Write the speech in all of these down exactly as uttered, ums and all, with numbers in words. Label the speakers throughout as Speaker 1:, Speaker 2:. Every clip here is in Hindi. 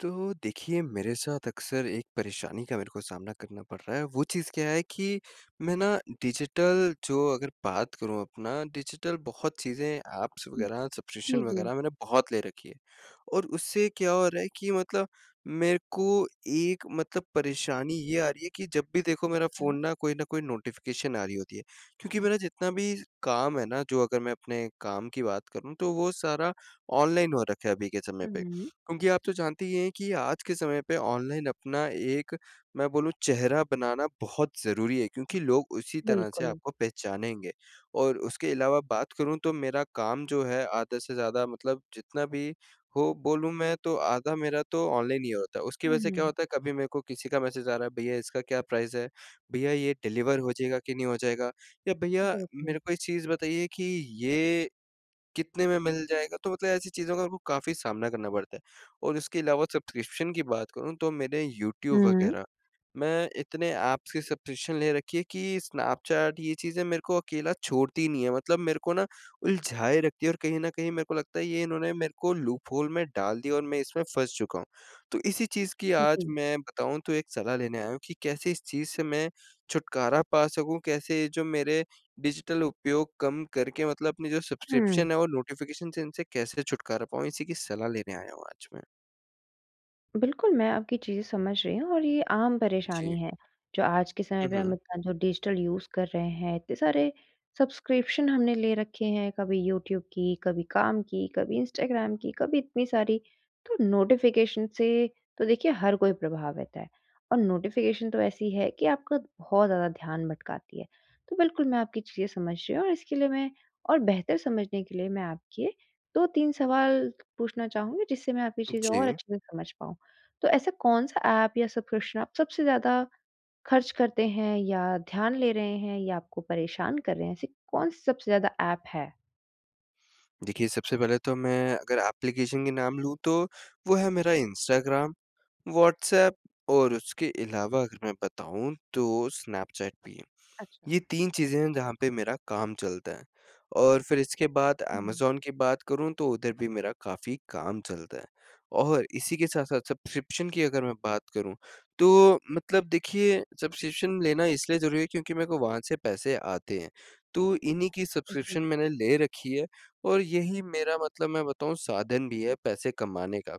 Speaker 1: तो देखिए मेरे साथ अक्सर एक परेशानी का मेरे को सामना करना पड़ रहा है, वो चीज़ क्या है कि मैं ना डिजिटल जो अगर बात करूँ अपना डिजिटल बहुत चीज़ें ऐप्स
Speaker 2: हुँ।
Speaker 1: वग़ैरह
Speaker 2: जी,
Speaker 1: सब्सक्रिप्शन
Speaker 2: जी।
Speaker 1: वग़ैरह मैंने बहुत ले रखी है और उससे क्या हो रहा है कि मतलब मेरे को एक मतलब परेशानी ये आ रही है कि जब भी देखो मेरा
Speaker 2: हाँ।
Speaker 1: फोन ना कोई ना कोई नोटिफ़िकेशन आ रही होती है, क्योंकि मेरा जितना भी काम है ना जो अगर मैं अपने काम की बात करूँ तो वो सारा ऑनलाइन हो रखा है अभी के समय पे।
Speaker 2: हुँ।
Speaker 1: क्योंकि आप तो जानती ही हैं कि आज के समय पे ऑनलाइन अपना एक, मैं बोलूँ चेहरा बनाना बहुत ज़रूरी है क्योंकि लोग उसी तरह से
Speaker 2: बिल्कुल।
Speaker 1: आपको पहचानेंगे। और उसके अलावा बात करूँ तो मेरा काम जो है आधा से ज़्यादा मतलब जितना भी हो बोलूँ मैं तो आधा मेरा तो ऑनलाइन ही होता है, उसकी वज़ह से क्या
Speaker 2: हुँ।
Speaker 1: होता है कभी मेरे को किसी का मैसेज आ रहा है भैया इसका क्या प्राइस है? भैया ये डिलीवर हो जाएगा कि नहीं हो जाएगा? या भैया
Speaker 2: बिल्कुल।
Speaker 1: मेरे को ये चीज़ बताइए कि ये कितने में मिल जाएगा तो मतलब ऐसी चीज़ों का वो काफ़ी सामना करना पड़ता है। और उसके अलावा सब्सक्रिप्शन की बात करूँ तो मेरे यूट्यूब
Speaker 2: हुँ।
Speaker 1: वग़ैरह। मैं इतने ऐप्स के सब्सक्रिप्शन ले रखी है कि स्नैपचैट ये चीज़ें मेरे को अकेला छोड़ती नहीं है। मतलब मेरे को ना, उलझाए रखती है और कहीं न कहीं मेरे को लगता है ये इन्होंने मेरे को लूप होल में डाल दिया और मैं इसमें फँस चुका हूँ। तो इसी चीज़ की
Speaker 2: हुँ,
Speaker 1: आज
Speaker 2: जी।
Speaker 1: मैं बताऊँ तो एक सलाह लेने आया हूँ कि कैसे इस चीज़ से मैं छुटकारा पा सकूँ? कैसे जो मेरे डिजिटल उपयोग कम करके मतलब अपने जो
Speaker 2: हुँ।
Speaker 1: सब्सक्रिप्शन है और नोटिफ़िकेशन से इनसे कैसे छुटकारा पाऊँ? इसी की सलाह लेने आया हूँ आज मैं।
Speaker 2: बिल्कुल, मैं आपकी चीज़ें समझ रही हूँ और ये आम
Speaker 1: जी।
Speaker 2: परेशानी है। जो आज के समय
Speaker 1: हुँ,
Speaker 2: पे हम
Speaker 1: हुँ।
Speaker 2: इतना जो डिजिटल यूज़ कर रहे हैं, इतने सारे सब्सक्रिप्शन हमने ले रखे हैं, कभी यूट्यूब की, कभी काम की, कभी इंस्टाग्राम की, कभी इतनी सारी, तो नोटिफ़िकेशन से तो देखिए हर कोई प्रभावित है। और नोटिफिकेशन तो ऐसी है कि आपका बहुत ज़्यादा ध्यान भटकाती है। तो बिल्कुल, मैं आपकी चीज़ें समझ रही हूँ, और इसके लिए मैं और बेहतर समझने के लिए मैं आपके दो तीन सवाल पूछना चाहूँगी जिससे मैं आपकी चीज़ें और
Speaker 1: जी।
Speaker 2: अच्छे से समझ पाऊँ। तो ऐसा कौन-सा ऐप या सब्सक्रिप्शन आप सबसे ज़्यादा खर्च करते हैं या ध्यान ले रहे हैं या आपको परेशान कर रहे हैं, ऐसी कौन-सी सबसे ज़्यादा ऐप है?
Speaker 1: देखिए, सबसे पहले तो मैं अगर ऐप्लीकेशन के नाम लूँ, तो वो है मेरा इंस्टाग्राम, व्हाट्सऐप, और उसके अलावा अगर मैं बताऊँ, तो स्नैपचैट भी है।
Speaker 2: अच्छा।
Speaker 1: ये तीन चीज़ें हैं जहाँ पे मेरा काम चलता है, और फिर इसके बाद
Speaker 2: हुँ।
Speaker 1: अमेज़न की बात करूँ, तो उधर भी मेरा काफ़ी काम चलता है। और इसी के साथ-साथ सब्सक्रिप्शन की अगर मैं बात करूँ, तो मतलब देखिए सब्सक्रिप्शन लेना इसलिए ज़रूरी है क्योंकि मेरे को वहाँ से पैसे आते हैं। तो इन्हीं की
Speaker 2: अ, जी।
Speaker 1: सब्सक्रिप्शन मैंने ले रखी है, और यही मेरा मतलब मैं बताऊँ साधन भी है पैसे कमाने का।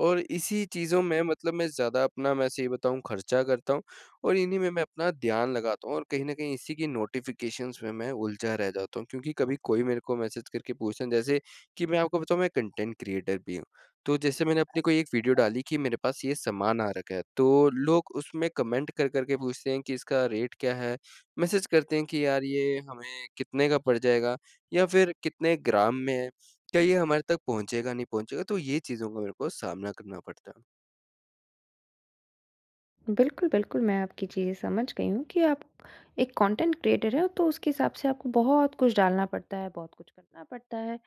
Speaker 1: और इसी चीज़ों में मतलब मैं ज़्यादा अपना मैं ये बताऊँ खर्चा करता हूँ और इन्हीं में मैं अपना ध्यान लगाता हूँ, और कहीं न कहीं इसी की नोटिफिकेशंस में मैं उलझा रह जाता हूँ क्योंकि कभी कोई मेरे को मैसेज करके पूछता, जैसे कि मैं आपको बताऊँ मैं कॉन्टेंट क्रिएटर भी हूँ। तो जैसे मैंने अपने कोई एक वीडियो
Speaker 2: अच्छा।
Speaker 1: डाली कि मेरे पास ये सामान आ रखा है, तो लोग उसमें कमेंट कर-कर के पूछते हैं कि इसका रेट क्या है, मैसेज करते हैं कि, "यार, ये हमें कितने का पड़ जाएगा, या फिर कितने ग्राम में है, क्या ये हमारे तक पहुँचेगा, नहीं पहुँचेगा?" तो ये चीज़ों का मेरे को सामना करना पड़ता है।
Speaker 2: बिल्कुल, बिल्कुल, मैं आपकी चीज़ें समझ गई हूँ कि आप एक कॉन्टेंट क्रिएटर हैं तो उसके हिसाब से आपको बहुत कुछ डालना पड़ता है, बहुत कुछ करना पड़ता है।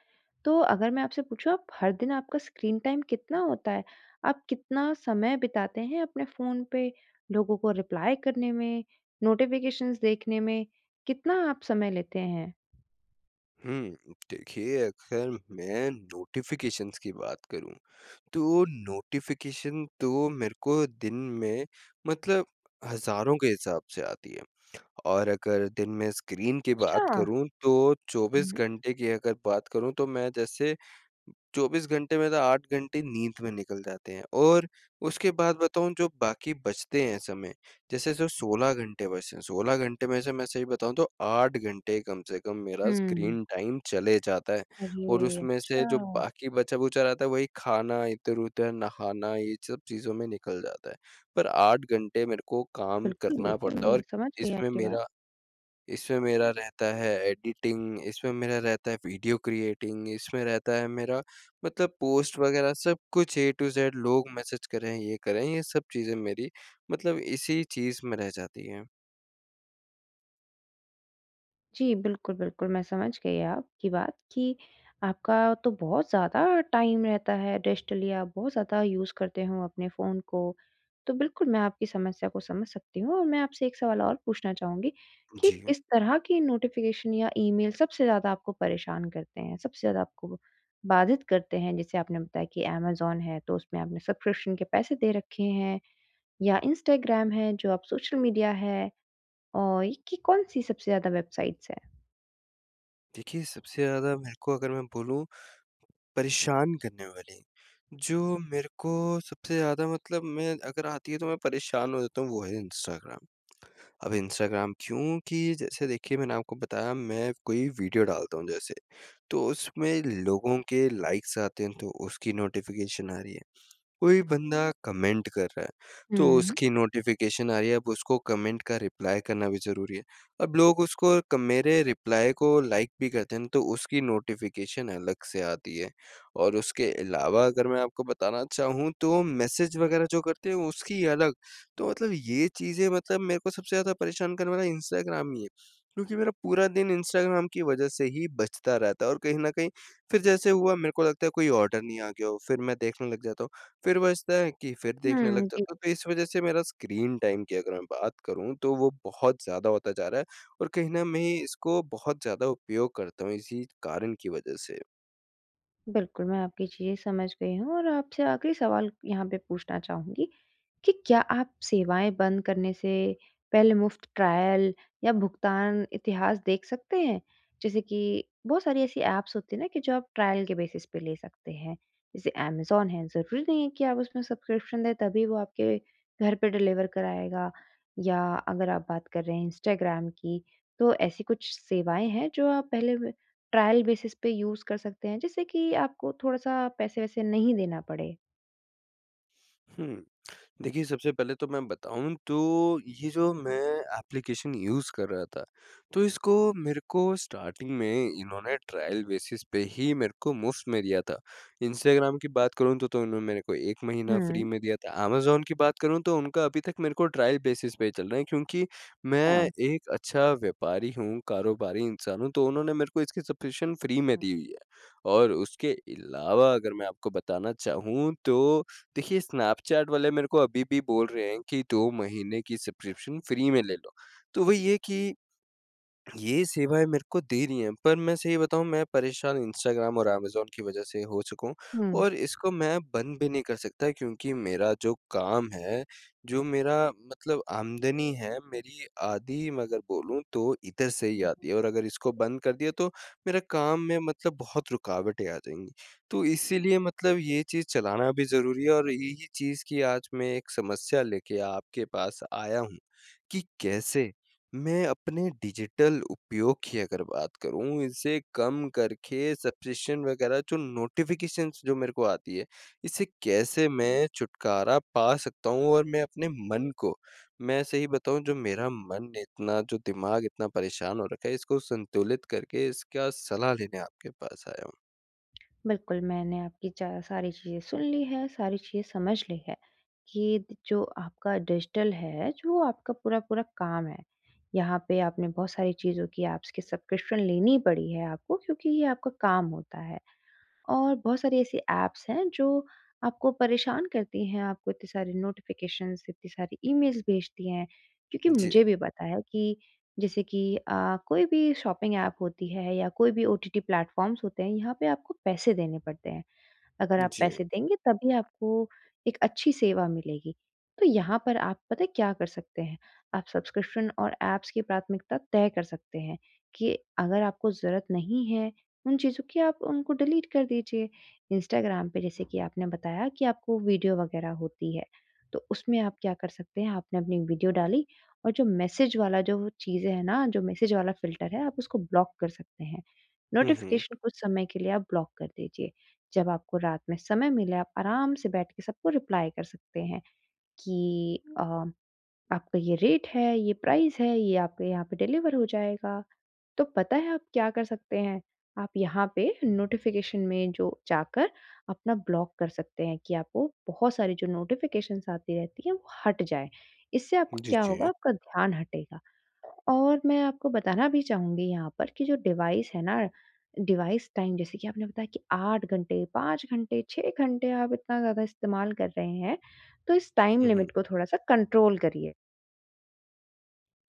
Speaker 2: तो अगर मैं आपसे पूछूँ आप हर दिन आपका स्क्रीन टाइम कितना होता है? आप कितना समय बिताते हैं अपने फोन पे लोगों को रिप्लाई करने में, नोटिफ़िकेशंस देखने में? कितना आप समय लेते हैं?
Speaker 1: हुँ देखिए अगर मैं नोटिफ़िकेशंस की बात करूँ, तो नोटिफ़िकेशन तो मेरे को दिन में मतलब हज़ारों के हिसाब से आती है। और अगर दिन में स्क्रीन की बात
Speaker 2: अच्छा।
Speaker 1: करूँ तो चौबीस
Speaker 2: हुँ।
Speaker 1: घंटे की अगर बात करूँ तो मैं जैसे चौबीस घंटे में तो आठ घंटे नींद में निकल जाते हैं और उसके बाद बताऊँ जो बाकी बचते हैं समय, जैसे जो सोलह घंटे बचे हैं, सोलह घंटे में से मैं सही बताऊँ तो आठ घंटे कम से कम मेरा
Speaker 2: हुँ।
Speaker 1: स्क्रीन टाइम चले जाता है और
Speaker 2: अरे,
Speaker 1: उसमें से जो
Speaker 2: अच्छा।
Speaker 1: बाकी बचा-खुचा रहता है वही खाना इधर-उधर नहाना ये सब चीज़ों में निकल जाता है, पर आठ घंटे मेरे को काम
Speaker 2: बिल्कुल,
Speaker 1: करना
Speaker 2: बिल्कुल।
Speaker 1: पड़ता है
Speaker 2: मैं
Speaker 1: और
Speaker 2: समझ गई
Speaker 1: इसमें
Speaker 2: आपकी बात।
Speaker 1: मेरा इसमें मेरा रहता है एडिटिंग इसमें मेरा रहता है वीडियो क्रिएटिंग इसमें रहता है मेरा मतलब पोस्ट वगैरह सब कुछ ए टू ज़ेड लोग मैसेज कर रहे हैं। ये कर रहे हैं ये सब चीज़ें मेरी मतलब इसी चीज़ में रह जाती हैं।
Speaker 2: जी, बिल्कुल, बिल्कुल। मैं समझ गई आपकी बात कि आपका तो बहुत ज़्यादा टाइम रहता है डेस्टिलिया, बहुत ज़्यादा यूज़ करते हो अपने फ़ोन को। तो बिल्कुल, मैं आपकी समस्या को समझ सकती हूँ, और मैं आपसे एक सवाल और पूछना चाहूँगी कि
Speaker 1: जी।
Speaker 2: किस तरह की नोटिफ़िकेशन या ईमेल सबसे ज़्यादा आपको परेशान करते हैं, सबसे ज़्यादा आपको बाधित करते हैं? जैसे आपने बताया कि अमेज़न है, तो उसमें आपने सब्सक्रिप्शन के पैसे दे रखे हैं, या इंस्टाग्राम है जो आप सोशल मीडिया है, और ये की कौन-सी सबसे ज़्यादा वेबसाइट्स हैं?
Speaker 1: देखिए, सबसे ज़्यादा मेरे को अगर मैं बोलूँ परेशान करने वाली, जो मेरे को सबसे ज़्यादा मतलब मैं अगर आती है तो मैं परेशान हो जाता हूँ, वो है इंस्टाग्राम। अब इंस्टाग्राम क्योंकि जैसे देखिए मैंने आपको बताया मैं कोई वीडियो डालता हूँ जैसे, तो उसमें लोगों के लाइक्स आते हैं, तो उसकी नोटिफ़िकेशन आ रही है। कोई बंदा कमेंट कर रहा है, तो
Speaker 2: हुँ।
Speaker 1: उसकी नोटिफिकेशन आ रही है, अब उसको कमेंट का रिप्लाई करना भी ज़रूरी है। अब लोग उसको क मेरे रिप्लाई को लाइक भी करते हैं ना, तो उसकी नोटिफ़िकेशन अलग से आती है। और उसके अलावा अगर मैं आपको बताना चाहूँ, तो मैसेज वग़ैरह जो करते हैं, उसकी अलग। तो मतलब ये चीज़ें मतलब मेरे को सबसे ज़्यादा परेशान करने वाला इंस्टाग्राम ही है क्योंकि मेरा पूरा दिन इंस्टाग्राम की वज़ह से ही बजता रहता है। और कहीं न कहीं, फिर जैसे हुआ मेरे को लगता है कोई ऑर्डर नहीं आ गया, फिर मैं देखने लग जाता हूँ, फिर बजता है कि फिर देखने लग
Speaker 2: हुँ, जी।
Speaker 1: जाता हूँ। तो इस वजह से मेरा स्क्रीन टाइम की अगर मैं बात करूँ, तो वो बहुत ज़्यादा होता जा रहा है, और कहीं ना मैं इसको बहुत ज़्यादा उपयोग करता हूँ, इसी कारण की वजह से।
Speaker 2: बिल्कुल, मैं आपकी चीज़ें समझ गई हूँ और आपसे आख़िरी सवाल यहाँ पे पूछना चहूँगी, कि क्या आप सेवाएँ बंद करने से पहले मुफ़्त ट्रायल, या भुगतान इतिहास देख सकते हैं? जैसे कि बहुत सारी ऐसी ऐप्स होती हैं ना कि जो आप ट्रायल बेसिस पे ले सकते हैं, जैसे अमेज़न है ज़रूरी नहीं है कि आप उसमें सब्सक्रिप्शन ले तभी वो आपके घर पे डिलीवर कराएगा। या अगर आप बात कर रहे हैं इंस्टाग्राम की, तो ऐसी कुछ सेवाएँ हैं जो आप पहले वे ट्रायल बेसिस पे यूज़ कर सकते हैं जिससे कि आपको थोड़ा-सा पैसे-वैसे नहीं देना पड़े।
Speaker 1: हुँ। देखिए सबसे पहले तो मैं बताऊँ तो ये जो मैं एप्लीकेशन यूज़ कर रहा था, तो इसको मेरे को स्टार्टिंग में इन्होंने ट्रायल बेसिस पे ही मेरे को मुफ़्त में दिया था। इंस्टाग्राम की बात करूँ तो तो इन्होंने मेरे को एक महीना
Speaker 2: हुँ।
Speaker 1: फ्री में दिया था, अमेज़न की बात करूँ तो उनका अभी तक मेरे को ट्रायल बेसिस पे ही चल रहा है क्योंकि मैं
Speaker 2: हाँ।
Speaker 1: एक अच्छा व्यापारी हूँ, कारोबारी इंसान हूँ तो उन्होंने मेरे को इसकी सब्सक्रिप्शन फ्री में दी हुई है। और उसके अलावा अगर मैं आपको बताना चाहूँ तो देखिए स्नैपचैट वाले मेरे को अभी भी बोल रहे हैं कि दो महीने की सब्सक्रिप्शन फ्री में ले लो। तो वही है कि, ये सेवाएँ मेरे को दे रही हैं पर मैं सही बताऊँ मैं परेशान इंस्टाग्राम और अमेज़न की वजह से हो चुका हूँ।
Speaker 2: हुँ।
Speaker 1: और इसको मैं बंद भी नहीं कर सकता क्योंकि मेरा जो काम है, जो मेरा मतलब आमदनी है मेरी आधी मगर बोलूँ तो इधर से ही आती है और अगर इसको बंद कर दिया तो मेरा काम में मतलब बहुत रुकावटें आ जाएँगी। तो इसीलिए मतलब ये चीज़ चलाना भी ज़रूरी है और यही चीज़ की आज मैं एक समस्या लेके आपके पास आया हूँ, कि कैसे, मैं अपने डिजिटल उपयोग की अगर बात करूँ इसे कम करके सब्सक्रिप्शन वगैरह जो नोटिफ़िकेशंस जो मेरे को आती है, इसे कैसे मैं छुटकारा पा सकता हूँ? और मैं अपने मन को, मैं सही बताऊँ जो मेरा मन इतना जो दिमाग इतना परेशान हो रखा है इसको संतुलित करके इसका सलाह लेने आपके पास आया हूँ।
Speaker 2: बिल्कुल, मैंने आपकी चा सारी चीज़ें सुन ली हैं, सारी चीज़ें समझ ली हैं कि त जो आपका डिजिटल है, जो आपका पूरा-पूरा काम है, यहाँ पे आपने बहुत सारी चीज़ों की, ऐप्स की सब्सक्रिप्शन लेनी पड़ी है आपको क्योंकि ये आपका काम होता है। और बहुत सारी ऐसी ऐप्स हैं जो आपको परेशान करती हैं, आपको इतने सारे नोटिफिकेशन्स, इतनी सारे ईमेल्स भेजती हैं क्योंकि
Speaker 1: जी।
Speaker 2: मुझे भी पता है कि जैसे कि अ, कोई भी शॉपिंग ऐप होती है या कोई भी ओटीटी प्लेटफॉर्म्स होते हैं, यहाँ पे आपको पैसे देने पड़ते हैं। अगर आप
Speaker 1: जी।
Speaker 2: पैसे देंगे, तभी आपको एक अच्छी सेवा मिलेगी। तो यहाँ पर आप पता है क्या कर सकते हैं, आप सब्सक्रिप्शन और ऐप्स की प्राथमिकता तय कर सकते हैं कि अगर आपको ज़रूरत नहीं है उन चीज़ों की, आप उनको डिलीट कर दीजिए। इंस्टाग्राम पे जैसे कि आपने बताया कि आपको वीडियो वगैरह होती है, तो उसमें आप क्या कर सकते हैं, आपने अपनी एक वीडियो डाली, और जो मैसेज वाला जो वो चीज़ें हैं ना, जो मैसेज वाला फ़िल्टर है, आप उसको ब्लॉक कर सकते हैं।
Speaker 1: हुँ, हुँ।
Speaker 2: नोटिफ़िकेशन कुछ समय के लिए आप ब्लॉक कर दीजिए। जब आपको रात में समय मिले, आप आराम से बैठ के सबको रिप्लाई कर सकते हैं कि अ, आपका ये रेट है, ये प्राइस है, ये आपके यहाँ पे डिलीवर हो जाएगा। तो पता है आप क्या कर सकते हैं, आप यहाँ पे नोटिफ़िकेशन में जो जाकर अपना ब्लॉक कर सकते हैं कि आपको बहुत सारी जो नोटिफ़िकेशंस आती रहती हैं, वो हट जाएँ। इससे आपका
Speaker 1: जी,
Speaker 2: क्या होगा,
Speaker 1: जी।
Speaker 2: आपका ध्यान हटेगा। और मैं आपको बताना भी चाहूँगी यहाँ पर कि जो डिवाइस है ना, डिवाइस टाइम जैसे कि आपने बताया कि आठ घंटे, पाँच घंटे, छः घंटे, आप इतना ज़्यादा इस्तेमाल कर रहे हैं, तो इस टाइम
Speaker 1: हुँ, हुँ।
Speaker 2: लिमिट को थोड़ा-सा कंट्रोल करिए।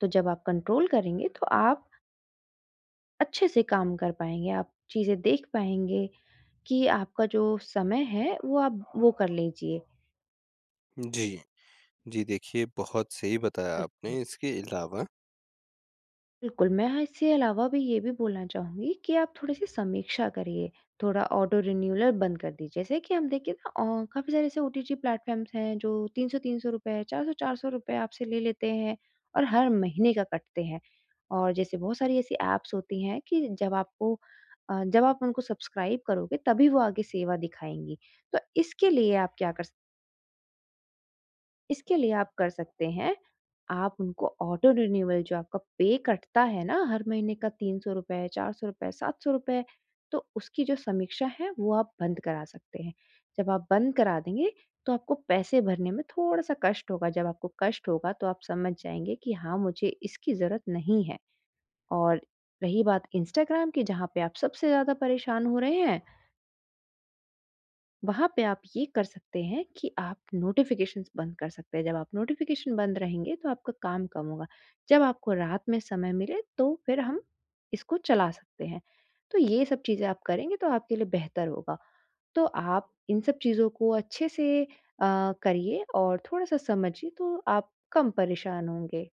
Speaker 2: तो जब आप कंट्रोल करेंगे, तो आप अच्छे से काम कर पाएँगे, आप चीज़ें देख पाएँगे, कि आपका जो समय है वो आप वो कर लीजिए।
Speaker 1: जी। जी, देखिए बहुत सही बताया
Speaker 2: बिल्कुल।
Speaker 1: आपने इसके अलावा
Speaker 2: बिल्कुल, मैं हाँ इससे अलावा भी ये भी बोलना चाहूँगी कि आप थोड़ी-सी समीक्षा करिए, थोड़ा ऑटो रिन्यूअल बंद कर दीजिए, जैसे कि हम देखिए ना अ, काफ़ी सारे ऐसे ओटीटी प्लेटफ़ॉर्म्स हैं, जो तीन सौ तीन सौ रुपए, चार सौ चार सौ रुपए आपसे ले लेते हैं और हर महीने का कटते हैं। और जैसे बहुत सारी ऐसी ऐप्स होती हैं कि, जब आपको अ, जब आप उनको सब्सक्राइब करोगे, तभी वो आगे सेवा दिखाएँगी। तो इसके लिए आप क्या कर स इसके लिए आप कर सकते हैं, आप उनको ऑटो रिन्यूअल जो आपका पे कटता है ना, हर महीने का तीन सौ रुपए, चार सौ रुपए, सात सौ रुपए, तो उसकी जो समीक्षा है, वो आप बंद करा सकते हैं। जब आप बंद करा देंगे, तो आपको पैसे भरने में थोड़ा-सा कष्ट होगा, जब आपको कष्ट होगा, तो आप समझ जाएँगे कि हाँ, मुझे इसकी ज़रूरत नहीं है। और रही बात इंस्टाग्राम की, जहाँ पे आप सबसे ज़्यादा परेशान हो रहे हैं वहाँ पे आप ये कर सकते हैं कि आप नोटिफ़िकेशंस बंद कर सकते हैं, जब आप नोटिफ़िकेशन बंद रहेंगे, तो आपका काम कम होगा, जब आपको रात में समय मिले, तो फिर हम इसको चला सकते हैं, तो ये सब चीज़ें आप करेंगे, तो आपके लिए बेहतर होगा। तो आप इन सब चीज़ों को अच्छे से अ, करिए और थोड़ा-सा समझिए, तो आप कम परेशान होंगे।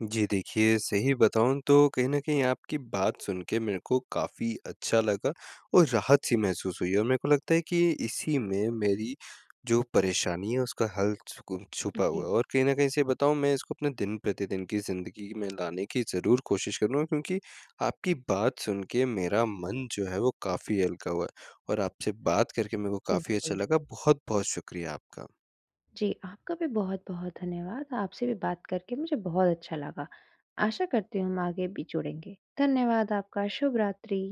Speaker 1: जी, देखिए सही बताऊँ तो कहीं न कहीं आपकी बात सुन के मेरे को काफ़ी अच्छा लगा और राहत सी महसूस हुई है और मेरे को लगता है कि इसी में मेरी, जो परेशानी है, उसका हल छुकू छुपा हुआ
Speaker 2: जी।
Speaker 1: है और कहीं न कहीं सही बताऊँ, मैं इसको अपने दिन-प्रतिदिन की ज़िंदगी में लाने की ज़रूर कोशिश करूँगा, क्योंकि आपकी बात सुन के मेरा मन जो है, वो काफ़ी हल्का हुआ है और आपसे बात करके मेरे को काफ़ी अच्छा
Speaker 2: बिल्कुल।
Speaker 1: लगा। बहुत-बहुत शुक्रिया आपका।
Speaker 2: जी, आपका भी बहुत-बहुत धन्यवाद, आपसे भी बात करके मुझे बहुत अच्छा लगा, आशा करती हूँ हम आगे भी जुड़ेंगे। धन्यवाद आपका, शुभ रात्रि।